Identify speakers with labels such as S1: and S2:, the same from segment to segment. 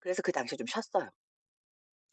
S1: 그래서 그 당시에 좀 쉬었어요.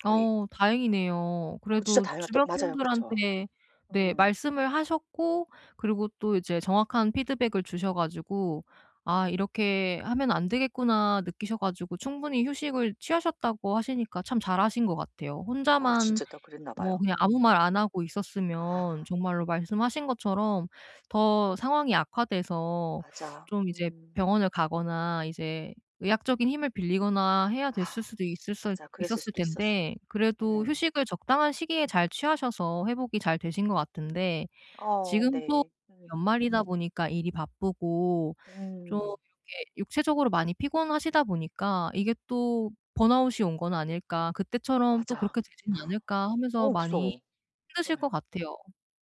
S1: 거의.
S2: 어 다행이네요.
S1: 어 진짜
S2: 그래도
S1: 다행이야. 또
S2: 주변
S1: 맞아요. 그쵸.
S2: 분들한테 네
S1: 음.
S2: 말씀을 하셨고 그리고 또 이제 정확한 피드백을 주셔 가지고 '아 이렇게 하면 안 되겠구나.' 느끼셔 가지고 충분히 휴식을 취하셨다고 하시니까 참 잘 하신 것 같아요.
S1: 아
S2: 혼자만
S1: 진짜 다 그랬나
S2: 뭐
S1: 봐요.
S2: 그냥 아무 말
S1: 음.
S2: 안 하고 있었으면
S1: 아.
S2: 정말로 말씀하신 것처럼 더 상황이 악화돼서
S1: 맞아.
S2: 좀 이제
S1: 음.
S2: 병원을 가거나 이제 의학적인 힘을 빌리거나 해야 됐을 수도 있을 수
S1: 맞아. 그랬을
S2: 있었을
S1: 수도 있었어.
S2: 텐데 그래도
S1: 예.
S2: 휴식을 적당한 시기에 잘 취하셔서 회복이 잘 되신 것 같은데
S1: 어
S2: 지금 또
S1: 네. 음.
S2: 연말이다 보니까 일이 바쁘고 좀
S1: 음.
S2: 이렇게 육체적으로 많이 피곤하시다 보니까 이게 '또 번아웃이 온 건 아닐까? 그때처럼 또
S1: 맞아.
S2: 그렇게 되진 않을까?' 하면서
S1: 어
S2: 많이
S1: 무서워.
S2: 힘드실
S1: 예.
S2: 것 같아요.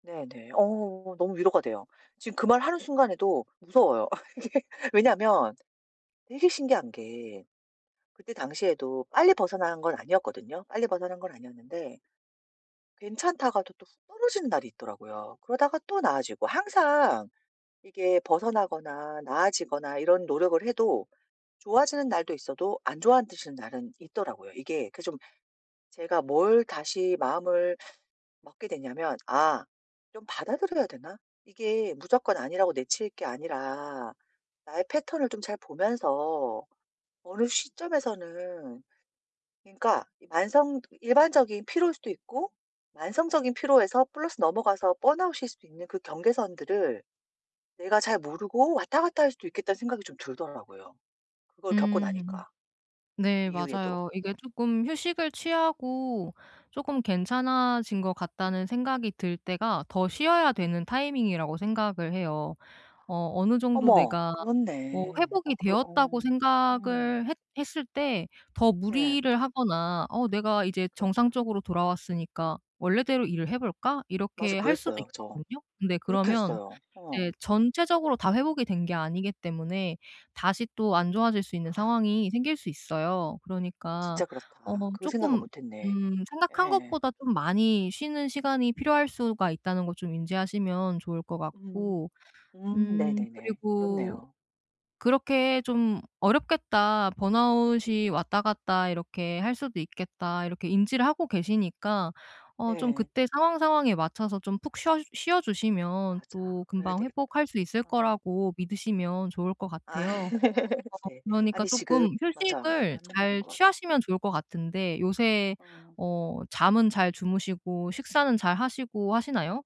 S1: 네네. 어 너무 위로가 돼요. 지금 그 말하는 순간에도 무서워요. 어 그게 왜냐하면 되게 신기한 게 그때 당시에도 빨리 벗어난 건 아니었거든요. 빨리 벗어난 건 아니었는데 괜찮다가도 또 훅 떨어지는 날이 있더라고요. 그러다가 또 나아지고. 항상 이게 벗어나거나 나아지거나 이런 노력을 해도 좋아지는 날도 있어도 안 좋아하 지는 날은 있더라고요. 이게 그 좀 제가 뭘 다시 마음을 먹게 됐냐면 '아 좀 받아들여야 되나?' 이게 무조건 아니라고 내칠 게 아니라 나의 패턴을 좀 잘 보면서 어느 시점에서는 그러니까 이 만성 일반적인 피로일 수도 있고 만성적인 피로에서 플러스 넘어가서 번아웃일 수도 있는 그 경계선들을 내가 잘 모르고 왔다 갔다 할 수도 있겠다는 생각이 좀 들더라고요, 그걸 겪고
S2: 음.
S1: 나니까. 그
S2: 네
S1: 이후에도.
S2: 맞아요. 이게 조금 휴식을 취하고 조금 괜찮아진 것 같다는 생각이 들 때가 더 쉬어야 되는 타이밍이라고 생각을 해요. 어 어느 정도
S1: 어머.
S2: 내가 어
S1: 그렇네. 어
S2: 회복이
S1: 그
S2: 되었다고
S1: 어. 음.
S2: 생각을 했 했을 때 더
S1: 네.
S2: 무리를 하거나 어 '내가 이제
S1: 그렇다.
S2: 정상적으로 돌아왔으니까 원래대로 일을 해 볼까?'
S1: 맞아.
S2: 이렇게 할 수도
S1: 그랬어요, 저.
S2: 있거든요. 근데
S1: 그렇게
S2: 그러면
S1: 했어요.
S2: 이제
S1: 어.
S2: 전체적으로 다 회복이 된 게 아니기 때문에 다시 또 안 좋아질 수 있는
S1: 아.
S2: 상황이 생길 수 있어요. 그러니까
S1: 진짜
S2: 어
S1: 그렇다. 그거 생각은
S2: 조금
S1: 못했네.
S2: 음 생각한
S1: 예.
S2: 것보다 좀 많이 쉬는 시간이 필요할 수가 있다는 걸 좀 인지하시면 좋을 것
S1: 음.
S2: 같고
S1: 음
S2: 음
S1: 네네네.
S2: 그리고
S1: 그렇네요.
S2: 그렇게 좀 '어렵겠다. 번아웃이 왔다 갔다 이렇게 할 수도 있겠다.' 이렇게 인지를 하고 계시니까 어 좀
S1: 네.
S2: 그때 상황, 상황에 맞춰서 좀 푹 쉬어 쉬어 주시면
S1: 맞아.
S2: 또
S1: 그래야
S2: 금방
S1: 되겠다.
S2: 회복할 수 있을
S1: 어.
S2: 거라고 믿으시면 좋을 것
S1: 아
S2: 같아요. 어
S1: 네.
S2: 그러니까
S1: 아니, 지금
S2: 조금
S1: 맞아.
S2: 휴식을
S1: 맞는 말인
S2: 잘
S1: 것 같아.
S2: 취하시면 좋을 것 같은데 요새
S1: 어.
S2: 어 잠은 잘 주무시고 식사는 잘 하시고 하시나요?